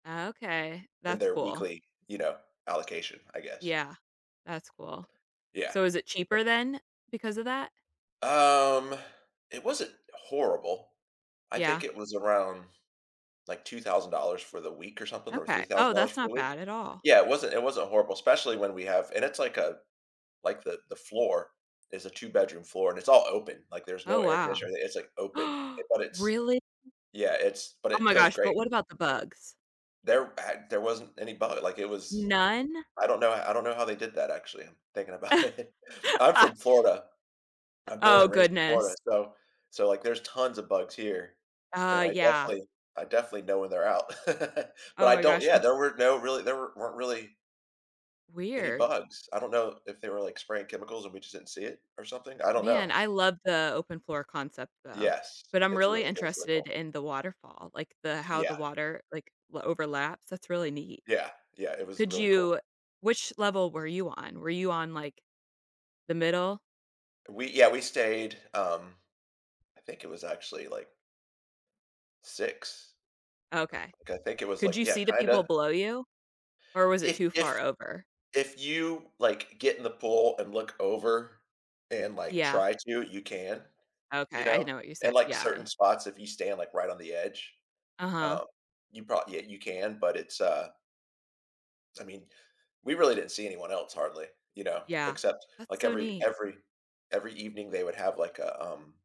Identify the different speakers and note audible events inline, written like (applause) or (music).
Speaker 1: Okay.
Speaker 2: In
Speaker 1: That's
Speaker 2: their
Speaker 1: cool.
Speaker 2: weekly, you know, allocation, I guess.
Speaker 1: Yeah. That's cool.
Speaker 2: Yeah.
Speaker 1: So is it
Speaker 2: Yup.
Speaker 1: cheaper then because of that?
Speaker 2: Um, It wasn't horrible. I think
Speaker 1: Yeah.
Speaker 2: it was around, like, $2,000 for the week or something, or
Speaker 1: Okay, oh,
Speaker 2: $3,000
Speaker 1: that's
Speaker 2: for
Speaker 1: not
Speaker 2: the week.
Speaker 1: bad at all.
Speaker 2: Yeah, it wasn't it wasn't horrible, especially when we have and it's like a like, the the floor is a two bedroom floor, and it's all open. Like, there's no
Speaker 1: Oh,
Speaker 2: air
Speaker 1: wow.
Speaker 2: conditioner or a it's, like, open,
Speaker 1: (gasps)
Speaker 2: eh, but it's
Speaker 1: Really?
Speaker 2: yeah, it's but
Speaker 1: Oh
Speaker 2: it
Speaker 1: my
Speaker 2: feels
Speaker 1: gosh, but
Speaker 2: great.
Speaker 1: what about the bugs?
Speaker 2: There had there wasn't any bug, like, it was
Speaker 1: None?
Speaker 2: I don't know I don't know how they did that, actually. I'm thinking about it. I'm from
Speaker 1: (chuckles)
Speaker 2: Florida. I'm born
Speaker 1: Oh,
Speaker 2: and raised in Florida,
Speaker 1: goodness.
Speaker 2: so so, like, there's tons of bugs here, and
Speaker 1: Uh,
Speaker 2: I
Speaker 1: yeah.
Speaker 2: definitely I definitely know when they're out. (chuckles) But
Speaker 1: Oh
Speaker 2: I
Speaker 1: my
Speaker 2: don't
Speaker 1: gosh,
Speaker 2: yeah,
Speaker 1: m
Speaker 2: there were no really there weren't really any
Speaker 1: Weird.
Speaker 2: bugs. I don't know if they were, like, spraying chemicals and we just didn't see it or something, I don't
Speaker 1: Man,
Speaker 2: know.
Speaker 1: I love the open floor concept, though.
Speaker 2: Yes.
Speaker 1: But I'm
Speaker 2: It's
Speaker 1: really
Speaker 2: really it was really cool.
Speaker 1: interested in the waterfall, like, the how the
Speaker 2: Yeah.
Speaker 1: water, like, overlaps, that's really neat.
Speaker 2: Yeah. Yeah, it was
Speaker 1: Could
Speaker 2: really cool.
Speaker 1: you which level were you on? Were you on, like, the middle?
Speaker 2: We yeah, we stayed, um, I think it was actually, like 6
Speaker 1: Okay.
Speaker 2: I think it was,
Speaker 1: Could
Speaker 2: like
Speaker 1: you
Speaker 2: yeah,
Speaker 1: see the people
Speaker 2: kinda
Speaker 1: below you? Or was it
Speaker 2: if
Speaker 1: too far
Speaker 2: if
Speaker 1: over?
Speaker 2: if you, like, get in the pool and look over and, like,
Speaker 1: Yeah.
Speaker 2: try to, you can, you
Speaker 1: Okay, I didn't
Speaker 2: know.
Speaker 1: know what you said.
Speaker 2: And, like,
Speaker 1: Yeah, I
Speaker 2: certain spots, if you stand, like, right on the edge,
Speaker 1: Uh-huh.
Speaker 2: um, you proba yeah, you can, but it's, uh I mean, we really didn't see anyone else hardly, you know,
Speaker 1: Yeah.
Speaker 2: except,
Speaker 1: That's
Speaker 2: like,
Speaker 1: so
Speaker 2: every
Speaker 1: neat.
Speaker 2: every every evening, they would have, like, a, um